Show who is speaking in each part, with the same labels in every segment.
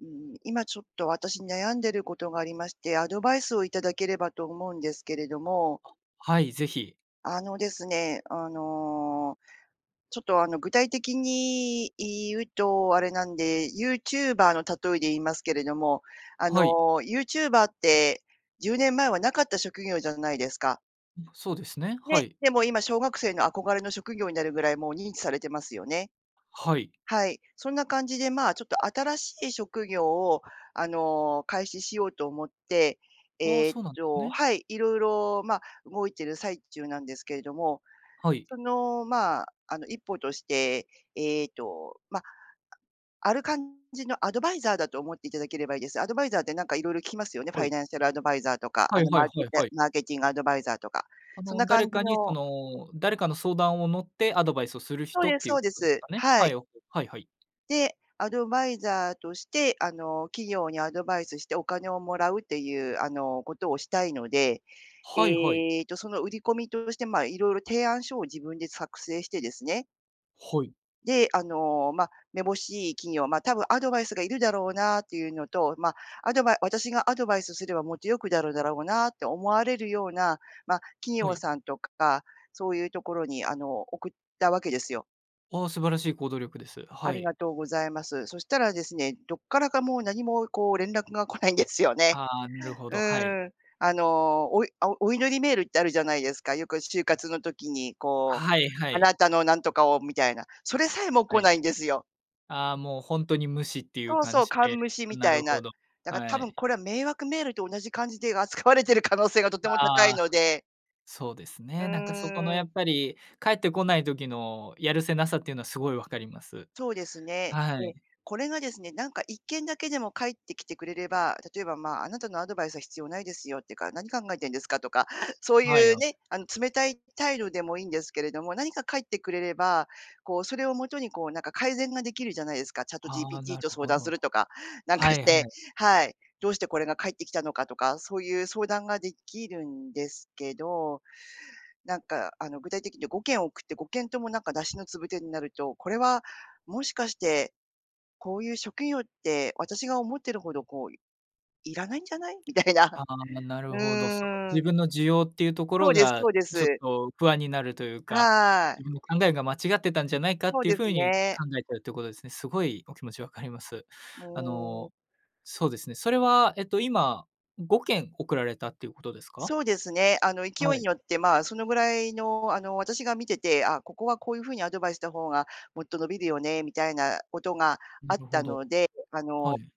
Speaker 1: うーん、今、ちょっと私悩んでることがありまして、アドバイスをいただければと思うんですけれども。
Speaker 2: あ、はい、ぜひ。
Speaker 1: あのですね、あの、ちょっと、あの、具体的に言うとあれなんで、ユーチューバーの例えで言いますけれども、あ
Speaker 2: はい。
Speaker 1: のユーチューバーって10年前は無かった職業じゃないですか。
Speaker 2: うん、そうですね。は
Speaker 1: ね、
Speaker 2: い。
Speaker 1: でも、今、小学生の憧れの職業になるぐらいもう、認知されてますよね。
Speaker 2: はい。
Speaker 1: はい、そんな感じで、まあ、ちょっと新しい職業を、あの、開始しようと思って、
Speaker 2: ああ、
Speaker 1: えっ
Speaker 2: そうなんです
Speaker 1: と
Speaker 2: ね。
Speaker 1: はい、色々、まあ、動いてる最中なんですけれども、
Speaker 2: はい。
Speaker 1: その、まあ、あの、一歩として、えっと、ま、あある感じのアドバイザーだと思っていただければいいです。アドバイザーってなんか色々聞きますよね、フ
Speaker 2: は
Speaker 1: ァイ
Speaker 2: い。
Speaker 1: ナンシャルアドバイザーとか、
Speaker 2: は
Speaker 1: あ
Speaker 2: い
Speaker 1: の
Speaker 2: は
Speaker 1: マ
Speaker 2: い
Speaker 1: ーケ
Speaker 2: はい
Speaker 1: テ
Speaker 2: はい。
Speaker 1: マーケティングアドバイザーとか、
Speaker 2: あ
Speaker 1: そんな
Speaker 2: の、
Speaker 1: 感
Speaker 2: 誰
Speaker 1: じ
Speaker 2: かにそ
Speaker 1: の
Speaker 2: の誰かの相談を乗ってアドバイスをする
Speaker 1: そう
Speaker 2: 人っ
Speaker 1: です、
Speaker 2: ていう
Speaker 1: そう
Speaker 2: こ
Speaker 1: で
Speaker 2: とです
Speaker 1: す。
Speaker 2: かね。
Speaker 1: は
Speaker 2: は
Speaker 1: い。
Speaker 2: い、オッケー。はいはい。
Speaker 1: で、アドバイザーとして、あの、企業にアドバイスしてお金をもらうっていう、あの、ことをしたいので、
Speaker 2: はいはい。
Speaker 1: ええと、その売り込みとして、まあ、色々提案書を自分で作成してですね
Speaker 2: ほい。
Speaker 1: で、あの、ま、めぼしい企業、まあ、多分アドバイスがいるだろうなっていうのと、ま、アドバイ私がアドバイスすればもっと良くなるだろうなって思われるような、まあ企
Speaker 2: は
Speaker 1: 業
Speaker 2: い。
Speaker 1: さんとか、そういうところにあの送ったわけですよ。
Speaker 2: ああ、素晴らしい行動力です。
Speaker 1: あ
Speaker 2: は
Speaker 1: り
Speaker 2: い。
Speaker 1: がとうございます。そしたらですね、どっからかもう何もこう連絡が来ないんですよね。
Speaker 2: ああ、なるほ
Speaker 1: う
Speaker 2: ど、はい。
Speaker 1: ん。あの、おいお祈りメールってあるじゃないですか、よく就活の時にこう、
Speaker 2: はいは
Speaker 1: あ
Speaker 2: い。
Speaker 1: なたの何とかをみたいな、それさえも
Speaker 2: は
Speaker 1: 来
Speaker 2: い、
Speaker 1: ないんですよ。
Speaker 2: ああ、もう本当に無視っていう
Speaker 1: そう
Speaker 2: 感
Speaker 1: そう、
Speaker 2: じ
Speaker 1: 完
Speaker 2: で、
Speaker 1: 無視み
Speaker 2: な
Speaker 1: たい
Speaker 2: る
Speaker 1: な。
Speaker 2: ほど、
Speaker 1: だから多
Speaker 2: は
Speaker 1: 分
Speaker 2: い。
Speaker 1: これは迷惑メールと同じ感じで扱われている可能性がとても高い
Speaker 2: ああ、
Speaker 1: ので。
Speaker 2: そうです
Speaker 1: う
Speaker 2: ね。なんかそこの
Speaker 1: ー
Speaker 2: や
Speaker 1: ん。
Speaker 2: っぱり返ってこない時のやるせなさっていうのはすごいわかります。
Speaker 1: そうですね。
Speaker 2: は
Speaker 1: で、
Speaker 2: い。
Speaker 1: これがですね、なんか1件だけでも返ってきてくれれば、例えば、まあ、あなたのアドバイスは必要ないですよっていうか、何考えてんですかとか、そう
Speaker 2: はい
Speaker 1: いう
Speaker 2: よ。
Speaker 1: ね、あの冷たい態度でもいいんですけれども、何か書いてくれれば、こうそれをもとにこうなんか改善ができるじゃないですか、
Speaker 2: ああ、
Speaker 1: ChatGPT
Speaker 2: なる
Speaker 1: と相
Speaker 2: ほ
Speaker 1: 談す
Speaker 2: ど。
Speaker 1: るとか、なんか
Speaker 2: は
Speaker 1: し
Speaker 2: いは
Speaker 1: て、
Speaker 2: い。
Speaker 1: はい。どうしてこれが返ってきたのかとか、そういう相談ができるんですけど、なんかあの具体的に5件送って、5件ともなんか無しのつぶてになると、これはもしかして、こういう職業って私が思ってるほどこういらないんじゃない？みたいな。
Speaker 2: ああ、な
Speaker 1: う
Speaker 2: るほど。その
Speaker 1: ーん。
Speaker 2: 自分の需要っていうとこ
Speaker 1: そう
Speaker 2: ろ
Speaker 1: です、
Speaker 2: が
Speaker 1: そうで
Speaker 2: ちょっ
Speaker 1: す。
Speaker 2: と不安になるというか、
Speaker 1: はい。
Speaker 2: 自分の考えが間違ってたんじゃないかっ
Speaker 1: そう
Speaker 2: ていう
Speaker 1: です
Speaker 2: 風に
Speaker 1: ね。
Speaker 2: 考えているということですね。すごいお気持ち分かります。あ
Speaker 1: もう。
Speaker 2: の、そうですね、それはえっと今5件送られたっていうことですか？
Speaker 1: そうですね、あの勢
Speaker 2: は
Speaker 1: いに
Speaker 2: い。
Speaker 1: よって、まあ、そのぐらいの、あの、私が見てて、あ、ここはこういう風にアドバイスした方がもっと伸びるよねみたいなことがあ
Speaker 2: な
Speaker 1: っ
Speaker 2: るほ
Speaker 1: た
Speaker 2: ど。
Speaker 1: ので、あ
Speaker 2: は
Speaker 1: の、
Speaker 2: い。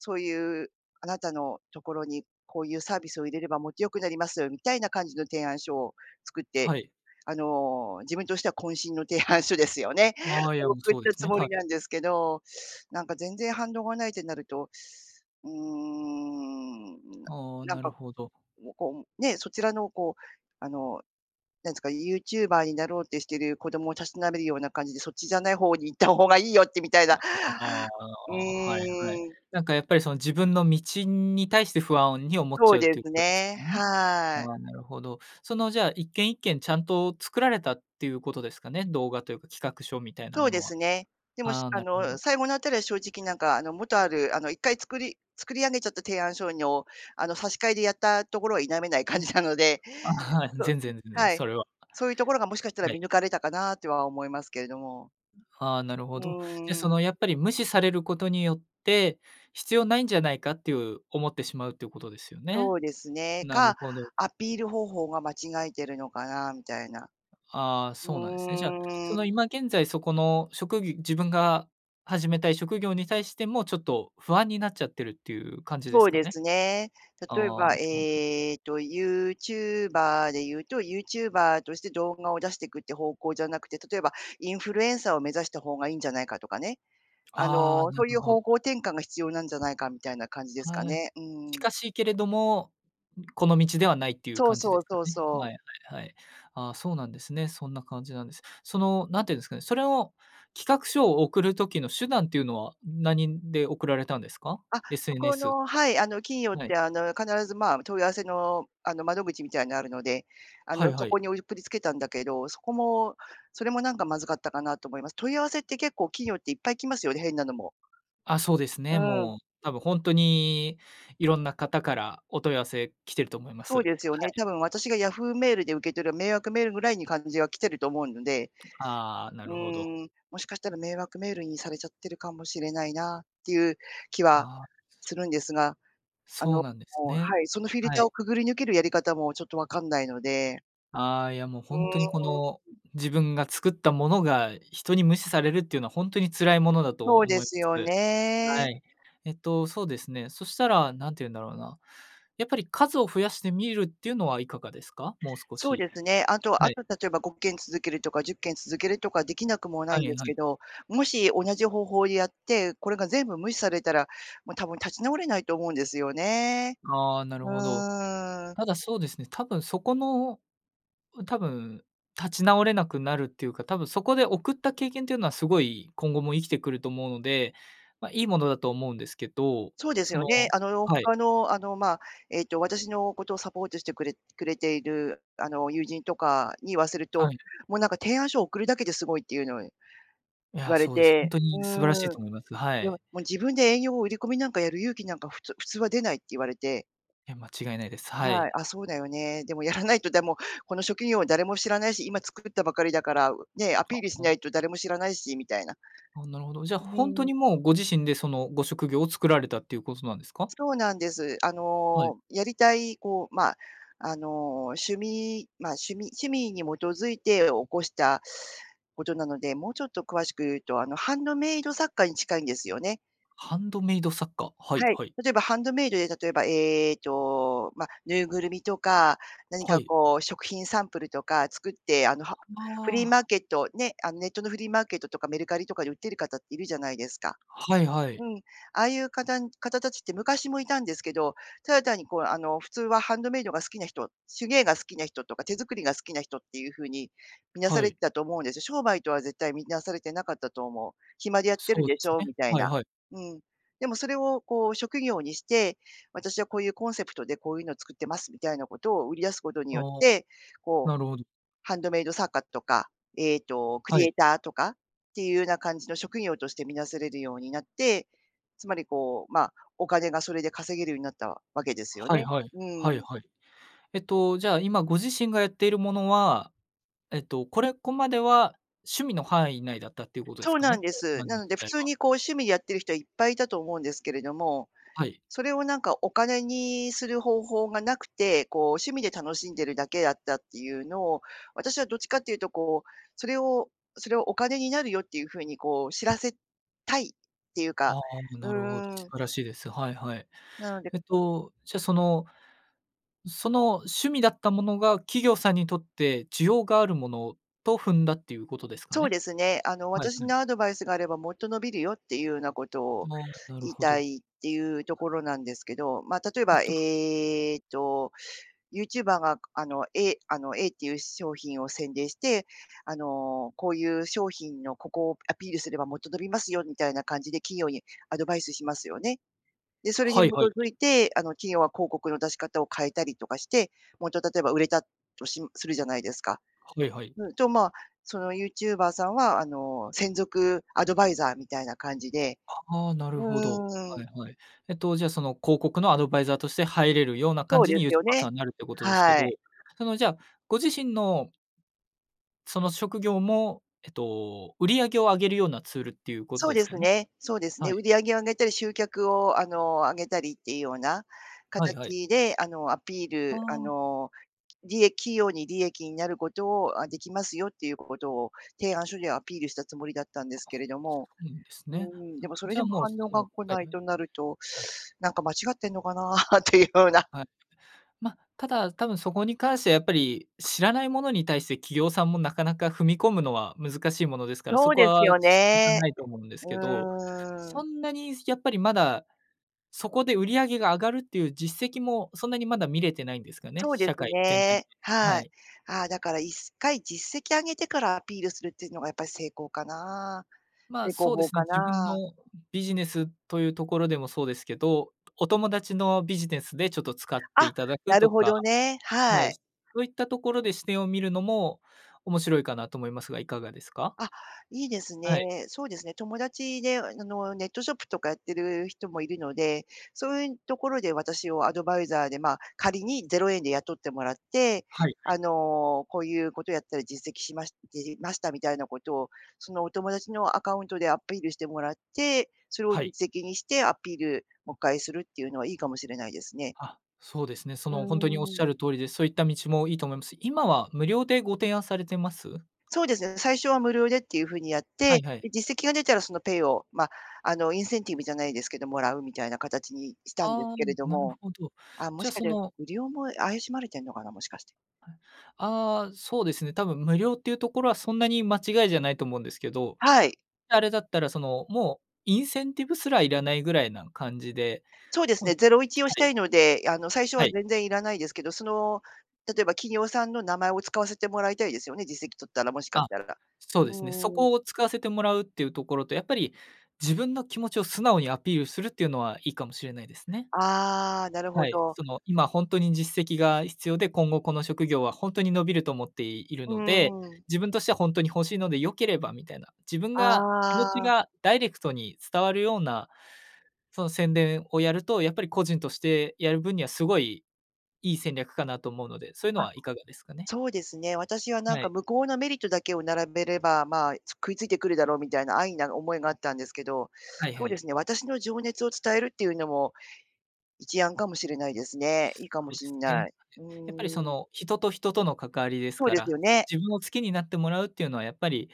Speaker 1: そういうあなたのところにこういうサービスを入れればもっと良くなります、みたいな感じの提案書を作って、
Speaker 2: はい。
Speaker 1: あの自分としては渾身の提案書ですよね。送っ
Speaker 2: そうで
Speaker 1: た
Speaker 2: す
Speaker 1: つ
Speaker 2: ね。
Speaker 1: も
Speaker 2: は
Speaker 1: り
Speaker 2: い。
Speaker 1: なんですけど、なんか全然反応がないってなると、うーん、な
Speaker 2: ああ、
Speaker 1: なん
Speaker 2: なる
Speaker 1: か、
Speaker 2: ほど。
Speaker 1: こうね、そちらの、こう、あの、なんですか、ユーチューバーになろうってしてる子供をたしなめるような感じで、そっちじゃない方に行った方がいいよってみたいな、
Speaker 2: あ
Speaker 1: う
Speaker 2: あ、はいはい。
Speaker 1: ーん。
Speaker 2: なんかやっぱりその自分の道に対して不安に思っち
Speaker 1: そう
Speaker 2: ゃう
Speaker 1: で
Speaker 2: という
Speaker 1: す
Speaker 2: ことです
Speaker 1: ね、
Speaker 2: かね。
Speaker 1: はい。
Speaker 2: ああ、なるほど。そのじゃあ一件一件ちゃんと作られたっていうことですかね、動画というか企画書みたいな
Speaker 1: そう
Speaker 2: も
Speaker 1: で
Speaker 2: のは。
Speaker 1: すね。でも、し
Speaker 2: ああ、
Speaker 1: あ
Speaker 2: なるほ
Speaker 1: の、
Speaker 2: ど。
Speaker 1: 最後のあたりは正直なんか、あの、元ある、あの、1回作り作り上げちゃった提案書の、あの、差し替えでやったところは否めない
Speaker 2: う
Speaker 1: 感
Speaker 2: ん。
Speaker 1: じなので、
Speaker 2: あ、はい、
Speaker 1: そう、
Speaker 2: 全然、全然、
Speaker 1: はい。
Speaker 2: それは。
Speaker 1: そういうところがもしかしたら
Speaker 2: は
Speaker 1: 見
Speaker 2: い。
Speaker 1: 抜かれたかなとは思いますけれども。
Speaker 2: ああ、なる
Speaker 1: う
Speaker 2: ほど。じゃ
Speaker 1: ー
Speaker 2: そ
Speaker 1: ん。
Speaker 2: のやっぱり無視されることによって、必要ないんじゃないかっていう、思ってしまうということですよ
Speaker 1: そ
Speaker 2: ね。
Speaker 1: うですね、
Speaker 2: なる
Speaker 1: か、
Speaker 2: ほど。
Speaker 1: アピール方法が間違えてるのかなみたいな。
Speaker 2: ああ、
Speaker 1: う
Speaker 2: そうなんですね。じゃあそ
Speaker 1: ー
Speaker 2: の
Speaker 1: ん。
Speaker 2: 今現在そこの職業自分が始めたい職業に対してもちょっと不安になっちゃってるっていう感じで
Speaker 1: そ
Speaker 2: す
Speaker 1: う
Speaker 2: か
Speaker 1: で
Speaker 2: ね？
Speaker 1: すね。例え
Speaker 2: ああ、
Speaker 1: ば、
Speaker 2: なるほど。
Speaker 1: ええと、ユーチューバーで言うと、ユーチューバーとして動画を出していくっていう方向じゃなくて、例えばインフルエンサーを目指した方がいいんじゃないかとかね。あ
Speaker 2: ああ、
Speaker 1: の
Speaker 2: な
Speaker 1: そうい
Speaker 2: る
Speaker 1: う
Speaker 2: ほ
Speaker 1: 方向
Speaker 2: ど。
Speaker 1: 転換が必要なんじゃないかみたいな感じですか
Speaker 2: はい、
Speaker 1: ね。う
Speaker 2: 近
Speaker 1: ん。
Speaker 2: しいけれども、この道ではないっていう
Speaker 1: そう
Speaker 2: 感じ
Speaker 1: そ
Speaker 2: で
Speaker 1: う
Speaker 2: すか
Speaker 1: そう
Speaker 2: ね。
Speaker 1: そう。
Speaker 2: はいはいはい。ああ、そうなんですね。そんな感じなんです。その何て言うんですかね、それを企画書を送る時の手段っていうのは何で送られたんですか
Speaker 1: あ、そこ
Speaker 2: ？SNS と
Speaker 1: の、
Speaker 2: か。
Speaker 1: はい、あの企業っ
Speaker 2: は
Speaker 1: て
Speaker 2: い。
Speaker 1: あの必ず、まあ、問い合わせのあの窓口みたいなのがあるので、あ
Speaker 2: は
Speaker 1: の
Speaker 2: い
Speaker 1: そ
Speaker 2: は
Speaker 1: こ
Speaker 2: い。
Speaker 1: に送りつけたんだけど、そこもそれもなんかまずかったかなと思います。問い合わせって結構企業っていっぱい来ますよね、変なのも。
Speaker 2: あ、そうです
Speaker 1: う
Speaker 2: ね、
Speaker 1: ん。
Speaker 2: もう多分本当にいろんな方からお問い合わせきてると思います。
Speaker 1: そう
Speaker 2: は
Speaker 1: ですよね、
Speaker 2: い。
Speaker 1: 多分私がヤフーメールで受け取る迷惑メールぐらいに感じが来てると思うので、
Speaker 2: ああ、な
Speaker 1: う
Speaker 2: るほど。
Speaker 1: ーん、もしかしたら迷惑メールにされちゃってるかもしれないなっていう気は
Speaker 2: ああ。
Speaker 1: するんですが、あの、
Speaker 2: そうなんです
Speaker 1: は
Speaker 2: ね、
Speaker 1: い、そのフィル
Speaker 2: は
Speaker 1: ターを
Speaker 2: い。
Speaker 1: くぐり抜けるやり方もちょっと分かんないので。
Speaker 2: ああ、いや、もう
Speaker 1: う
Speaker 2: ほんとにこの
Speaker 1: ーん。
Speaker 2: 自分が作ったものが人に無視されるっていうのはほんとに辛いものだと
Speaker 1: そうで
Speaker 2: 思い
Speaker 1: すよ
Speaker 2: ます。
Speaker 1: ね。
Speaker 2: はい。えっと、そうですね、そしたら、何て言うんだろうな。やっぱり数を増やしてみるっていうのはいかがですか？もう少
Speaker 1: そう
Speaker 2: し。
Speaker 1: ですね、あと
Speaker 2: は
Speaker 1: あ
Speaker 2: い。
Speaker 1: と例えば5件続けるとか10件続けるとかできなくもない
Speaker 2: は
Speaker 1: んで
Speaker 2: い
Speaker 1: す
Speaker 2: は
Speaker 1: け
Speaker 2: い。
Speaker 1: ど、もし同じ方法でやって、これが全部無視されたら、もう多分立ち直れないと思うんですよね。
Speaker 2: ああ、なる
Speaker 1: う
Speaker 2: ほど。
Speaker 1: ーん。
Speaker 2: ただ、そうですね、多分そこの、多分立ち直れなくなるっていうか、多分そこで送った経験というのはすごい今後も生きてくると思うので、ま、いいものだと思うんですけど、
Speaker 1: そうです
Speaker 2: そ
Speaker 1: よ
Speaker 2: の
Speaker 1: ね。あの、
Speaker 2: はい。
Speaker 1: 他の、あの、まあ、ええと、私のことサポートしてくれくれている、あの、友人とかに言わせる
Speaker 2: は
Speaker 1: と、
Speaker 2: い。
Speaker 1: もうなんか提案書を送るだけですごいっていうの、言
Speaker 2: いや、
Speaker 1: われ
Speaker 2: そうです。ほん
Speaker 1: て
Speaker 2: と
Speaker 1: う
Speaker 2: に素晴らしい
Speaker 1: ーん。
Speaker 2: と思います。は
Speaker 1: でも、
Speaker 2: い。
Speaker 1: もう自分で営業を売り込みなんかやる勇気なんかふつ普通は出ないって言われて。
Speaker 2: いや、間違いないです。は
Speaker 1: はい、
Speaker 2: い。
Speaker 1: あ、そうだよね。でも、やらないと、でも、この職業は誰も知らないし、今作ったばかりだから、ね、アピ
Speaker 2: あ、
Speaker 1: ールしな
Speaker 2: お
Speaker 1: いと誰も知らないしみたいな。
Speaker 2: あ、なるほど。じゃ、
Speaker 1: う
Speaker 2: ほんと
Speaker 1: ん。
Speaker 2: にもうご自身でそのご職業を作られたっていうことなんですか？
Speaker 1: そうなんです。あ
Speaker 2: はい。
Speaker 1: の、やりたい、こう、まあ、あの、趣味、まあ、趣味趣味に基づいて起こしたことなので、もうちょっと詳しく言うと、あの、ハンドメイド作家に近いんですよね。
Speaker 2: ハンドメイド作家。はい
Speaker 1: はい、
Speaker 2: はい。
Speaker 1: 例えばハンドメイドで、例えば、えっと、ま、ぬいぐるみとか、何
Speaker 2: は
Speaker 1: か
Speaker 2: い。
Speaker 1: こう食品サンプルとか作って、あの、
Speaker 2: あ、
Speaker 1: はフリーマ
Speaker 2: あ
Speaker 1: ー
Speaker 2: あ。
Speaker 1: ケット、ね、あの、ネットのフリーマーケットとかメルカリとかで売ってる方っているじゃないですか。
Speaker 2: はいは
Speaker 1: う
Speaker 2: い。
Speaker 1: ん、ああいうかたん方たちって昔もいたんですけど、ただ単にこう、あの、普通はハンドメイドが好きな人、手芸が好きな人とか、手作りが好きな人っていうふうに、見なさ
Speaker 2: は
Speaker 1: れ
Speaker 2: い。
Speaker 1: てたと思うんですよ。商売とは絶対見なされてなかったと思う。暇でやってる
Speaker 2: そ
Speaker 1: ん
Speaker 2: うで
Speaker 1: でし
Speaker 2: す
Speaker 1: ょ、
Speaker 2: ね。
Speaker 1: みたい
Speaker 2: はい
Speaker 1: な。
Speaker 2: はい。
Speaker 1: うん。でもそれをこう、職業にして、私はこういうコンセプトでこういうのを作ってますみたいなことを売り出すことに
Speaker 2: あ
Speaker 1: よっ
Speaker 2: あ、
Speaker 1: て、こう、
Speaker 2: なるほど。
Speaker 1: ハンドメイド作家とか、ええと、ク
Speaker 2: は
Speaker 1: リ
Speaker 2: い。
Speaker 1: エイターとかっていうような感じの職業としてみなされるようになって、つまり、こう、まあ、お金がそれで稼げるようになったわけですよ
Speaker 2: はい
Speaker 1: ね。
Speaker 2: はい。
Speaker 1: う
Speaker 2: はい
Speaker 1: ん。
Speaker 2: はい。えっと、じゃあ今ご自身がやっているものは、えっと、これこまでは趣味の範囲内だったっていうことです
Speaker 1: そう
Speaker 2: か
Speaker 1: なん
Speaker 2: ね？
Speaker 1: で
Speaker 2: これ
Speaker 1: す。
Speaker 2: までの
Speaker 1: な
Speaker 2: 時
Speaker 1: ので普
Speaker 2: 代
Speaker 1: 通
Speaker 2: は。
Speaker 1: にこう趣味でやってる人はいっぱいいたと思うんですけれども、
Speaker 2: はい。
Speaker 1: それをなんかお金にする方法が無くて、こう趣味で楽しんでるだけだったっていうのを、私はどっちかっていうとこう、それをそれをお金になるよっていうふうにこう知らせたいっていうか
Speaker 2: ああ、
Speaker 1: う
Speaker 2: なるほど。
Speaker 1: ー
Speaker 2: 素
Speaker 1: ん。
Speaker 2: 晴らしいです。はいはい。
Speaker 1: なので
Speaker 2: えっと、じゃ、そのその趣味だったものが企業さんにとって需要があるものと踏んだっていうことですか
Speaker 1: そう
Speaker 2: ね。
Speaker 1: ですね、あの、
Speaker 2: はい
Speaker 1: 私
Speaker 2: はい。
Speaker 1: のアドバイスがあればもっと伸びるよっていうようなことを
Speaker 2: あ、なる
Speaker 1: 言い
Speaker 2: ほ
Speaker 1: た
Speaker 2: ど。
Speaker 1: いっていうところなんですけど、まあ、例え
Speaker 2: えっ
Speaker 1: ば、
Speaker 2: と
Speaker 1: ええと、ユーチューバーがあの、えあの、エイっていう商品を宣伝して、あの、こういう商品のここをアピールすればもっと伸びますよみたいな感じで企業にアドバイスしますよね。で、それに基
Speaker 2: はいはいは
Speaker 1: づ
Speaker 2: い。
Speaker 1: いて、あの企業は広告の出し方を変えたりとかして、もっと例えば売れたとしするじゃないですか。
Speaker 2: はいはい。
Speaker 1: ん、とまあ、そのユーチューバーさんはあの、専属アドバイザーみたいな感じで、
Speaker 2: ああ、なる
Speaker 1: う
Speaker 2: ほど。
Speaker 1: ー
Speaker 2: は
Speaker 1: ん。
Speaker 2: いはい。えっと、じゃあ、その、広告のアドバイザーとして入れるような感
Speaker 1: そう
Speaker 2: じ
Speaker 1: で
Speaker 2: にユ
Speaker 1: す
Speaker 2: ーチ
Speaker 1: よ
Speaker 2: ューバー
Speaker 1: ね、
Speaker 2: さんになるってことですけ
Speaker 1: は
Speaker 2: ど、
Speaker 1: い。
Speaker 2: そのじゃあ、ご自身のその職業も、えっと、売り上げを上げるようなツールっていうこと
Speaker 1: そう
Speaker 2: で
Speaker 1: で
Speaker 2: す
Speaker 1: す
Speaker 2: かね？
Speaker 1: ね。そうですね、
Speaker 2: はい。
Speaker 1: 売り上げを上げたり、集客をあの、上げたりっていうような
Speaker 2: はいはい。
Speaker 1: 形であの、アピー
Speaker 2: あ
Speaker 1: ルあ
Speaker 2: あ。
Speaker 1: の、りえ企業に利益になることを「あ、できますよ」っていうことを提案書ではアピールしたつもりだったんで
Speaker 2: あ、
Speaker 1: すけれども、
Speaker 2: ほんとですか。へ
Speaker 1: う
Speaker 2: んですね。
Speaker 1: ーん、
Speaker 2: あ、
Speaker 1: でも、それ
Speaker 2: じゃ
Speaker 1: で
Speaker 2: あ、
Speaker 1: も
Speaker 2: もう、
Speaker 1: 反
Speaker 2: そ
Speaker 1: 応
Speaker 2: の
Speaker 1: が来
Speaker 2: は
Speaker 1: ない
Speaker 2: い。
Speaker 1: となると なんか間違ってんのかなっていうような。
Speaker 2: はい。ま、ただ、多分そこに関してはやっぱり知らないものに対して企業さんもなかなか踏み込むのは難しいものですから、そ
Speaker 1: そう
Speaker 2: こ
Speaker 1: です
Speaker 2: は
Speaker 1: よ
Speaker 2: 仕方
Speaker 1: ね。
Speaker 2: ないと思うんですけ
Speaker 1: う
Speaker 2: ど、
Speaker 1: ーん。
Speaker 2: そんなにやっぱりまだそこで売り上げが上がるっていう実績もそんなにまだ見れてないんですかね、
Speaker 1: そうで
Speaker 2: 社
Speaker 1: す
Speaker 2: 会全体で。
Speaker 1: ね、
Speaker 2: は
Speaker 1: はい。
Speaker 2: い。
Speaker 1: ああ、だから1回実績上げてからアピールするっていうのがやっぱり正攻かな、
Speaker 2: まあ、
Speaker 1: 正攻
Speaker 2: そうで
Speaker 1: 法
Speaker 2: すね、
Speaker 1: か
Speaker 2: 自分
Speaker 1: な。
Speaker 2: のビジネスというところでもそうですけど、お友達のビジネスでちょっと使って
Speaker 1: あ、
Speaker 2: いただく
Speaker 1: なる
Speaker 2: と
Speaker 1: ほ
Speaker 2: か
Speaker 1: どね、
Speaker 2: は
Speaker 1: は
Speaker 2: い、
Speaker 1: い。
Speaker 2: そういったところで視点を見るのも面白いかなと思いますが、いかがですか？
Speaker 1: あ、いいです
Speaker 2: はい。
Speaker 1: ね。そうですね、友達で、あの、ネットショップとかやってる人もいるので、そういうところで私をアドバイザーで、まあ仮に0円で雇ってもらって、
Speaker 2: はいは
Speaker 1: あ
Speaker 2: い。
Speaker 1: の、こういうことやったら実績しましじじましたみたいなことを、そのお友達のアカウントでアピールしてもらって、それを
Speaker 2: はい。
Speaker 1: 実績にしてアピール、もっかいするっていうのはいいかもしれないですね。
Speaker 2: あ、そうですね。そ
Speaker 1: うー
Speaker 2: のほんとにおっしゃ
Speaker 1: ん。
Speaker 2: る通りです。そういった道もいいと思います。今は無料でご提案されてます？
Speaker 1: そうですね、最初は無料でっていう風にやって、
Speaker 2: はいはい。
Speaker 1: で、実績が出たらそのペイを、まあ、あの、インセンティブじゃないですけど、貰うみたいな形にしたんです
Speaker 2: ああ、
Speaker 1: けれど
Speaker 2: なる
Speaker 1: も、
Speaker 2: ほど。
Speaker 1: ああ、も
Speaker 2: じゃあ、
Speaker 1: しかし
Speaker 2: そ
Speaker 1: て
Speaker 2: の
Speaker 1: 無料も怪しまれてんのかな、もしかして。
Speaker 2: ああ、そうですね。多分無料っていうところはそんなに間違いじゃないと思うんですけど。
Speaker 1: はい。
Speaker 2: あれだったら、その、もうインセンティブすらいらないぐらいな感じで、
Speaker 1: そうです
Speaker 2: も
Speaker 1: ね、
Speaker 2: う、
Speaker 1: ゼロイチを
Speaker 2: は
Speaker 1: した
Speaker 2: い。
Speaker 1: いので、あの、最初
Speaker 2: は
Speaker 1: は
Speaker 2: い。
Speaker 1: 全然いらないですけど。その、例えば企業さんの名前を使わせてもらいたいですよね、実績取ったら、もしかし
Speaker 2: あ、
Speaker 1: たら。う
Speaker 2: そうですね。そ
Speaker 1: ーん。
Speaker 2: こを使わせてもらうっていうところと、やっぱり自分の気持ちを素直にアピールするっていうのはいいかもしれないですね。
Speaker 1: ああ、なる
Speaker 2: は
Speaker 1: ほ
Speaker 2: い、
Speaker 1: ど。
Speaker 2: その今ほんとに実績が必要で、今後この職業はほんとに伸びると思っている
Speaker 1: う
Speaker 2: ので、
Speaker 1: んうん。
Speaker 2: 自分としてはほんとに欲しいので良ければみたいな。自分
Speaker 1: あ
Speaker 2: が気持ち
Speaker 1: あ。
Speaker 2: がダイレクトに伝わるような、その宣伝をやると、やっぱり個人としてやる分にはすごいいい戦略かなと思うので、そういうの
Speaker 1: あ、
Speaker 2: はいかがですかね？
Speaker 1: そうですね。私はなん
Speaker 2: は
Speaker 1: か
Speaker 2: い。
Speaker 1: 向こうのメリットだけを並べれば、ま、つ食いついてくるだろうみたいな安易な思いがあったんですけど。
Speaker 2: はい
Speaker 1: そう
Speaker 2: は
Speaker 1: で
Speaker 2: い。
Speaker 1: すね、私の情熱を伝えるっていうのも、一案かもしれないですね。いいかも
Speaker 2: そうで
Speaker 1: し
Speaker 2: す
Speaker 1: んな
Speaker 2: ね。
Speaker 1: い。う
Speaker 2: やっぱり
Speaker 1: ー
Speaker 2: そ
Speaker 1: ん。
Speaker 2: の、人と人との関わりです
Speaker 1: そう
Speaker 2: か
Speaker 1: です
Speaker 2: ら。
Speaker 1: よね。
Speaker 2: 自分を好きになってもらうっていうのはやっぱり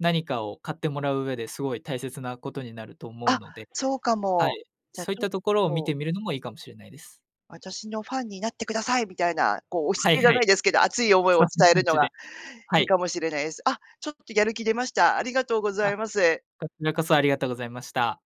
Speaker 2: 何かを買ってもらう上ですごい大切なことになると思う
Speaker 1: あ、
Speaker 2: ので。
Speaker 1: そうか
Speaker 2: は
Speaker 1: も。
Speaker 2: い、
Speaker 1: じゃ
Speaker 2: そ
Speaker 1: ち
Speaker 2: ういっ
Speaker 1: ょっ
Speaker 2: たところを見
Speaker 1: と。
Speaker 2: てみるのもいいかもしれないです。
Speaker 1: 私のファンになってくださいみたいな、こう押し
Speaker 2: はい
Speaker 1: 付けじゃ
Speaker 2: は
Speaker 1: な
Speaker 2: い。
Speaker 1: いですけど、熱い思い
Speaker 2: そ
Speaker 1: を
Speaker 2: んな
Speaker 1: 伝え
Speaker 2: 感
Speaker 1: るの
Speaker 2: じで。
Speaker 1: が
Speaker 2: は
Speaker 1: いい
Speaker 2: い。
Speaker 1: かもしれないです。あ、ちょっとやる気出ました。ありがとうござ
Speaker 2: あ、
Speaker 1: います。
Speaker 2: こちらこそありがとうございました。